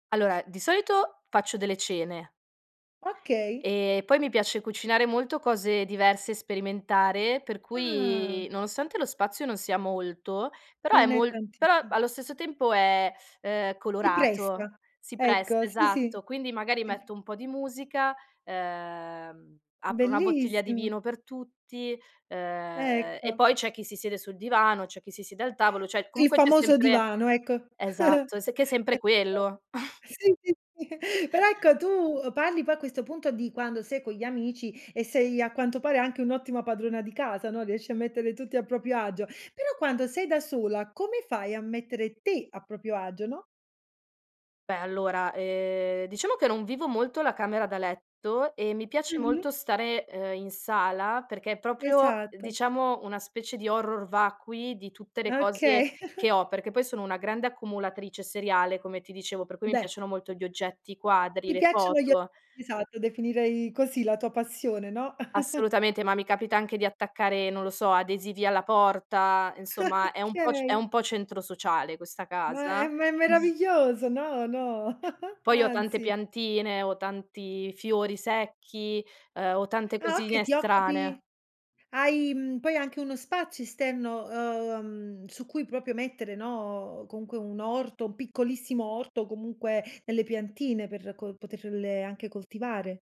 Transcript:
Allora, di solito faccio delle cene Okay. e poi mi piace cucinare molto cose diverse e sperimentare, per Ah! cui nonostante lo spazio non sia molto, però è Non è mol però [unintelligible] allo stesso tempo è, ehm, Si colorato, presta, si presta, ecco, sì, sì, esatto. Quindi magari inf metto un po' di musica, ehm apro una bottiglia di Bellissimo. vino per tutti ehm e Ecco. poi c'è chi si siede sul divano, c'è chi si siede al tavolo, cioè Il comunque c'è famoso sempre divano, ecco. esatto, è che è sempre [unintelligible] quello. sì, sì, sì. Però ecco, tu parli poi a questo punto di quando sei con gli amici e sei a quanto pare anche un'ottima padrona di casa, no, riesci a mettere tutti a proprio agio, però quando sei da sola come fai a mettere te a proprio agio, no? Beh allora eh diciamo che non vivo molto la camera da letto e mi piace Mh-mh. molto stare, ehm, in sala perché è proprio Esatto. diciamo una specie di horror vacui di tutte le cose Okay. che ho, perché poi sono una grande accumulatrice seriale come ti dicevo, per cui mi Beh piacciono molto gli oggetti, i quadri, ti le piacciono gli foto. oggetti esatto, definirei così la tua passione, no. Assolutamente, ma mi capita anche di attaccare, non lo so, adesivi alla porta, insomma è un po' c è Okay. un po' centro sociale questa Ma è casa. me meraviglioso, no, no, Poi ho tante anzi. piantine, ho tanti fiori secchi, ehm, ho tante Ah okay, cosine ti occupi strane. hai mhmm poi hai anche uno spazio esterno uhm su cui proprio mettere, no, comunque un orto, un piccolissimo orto, comunque delle piantine per co poterle anche coltivare?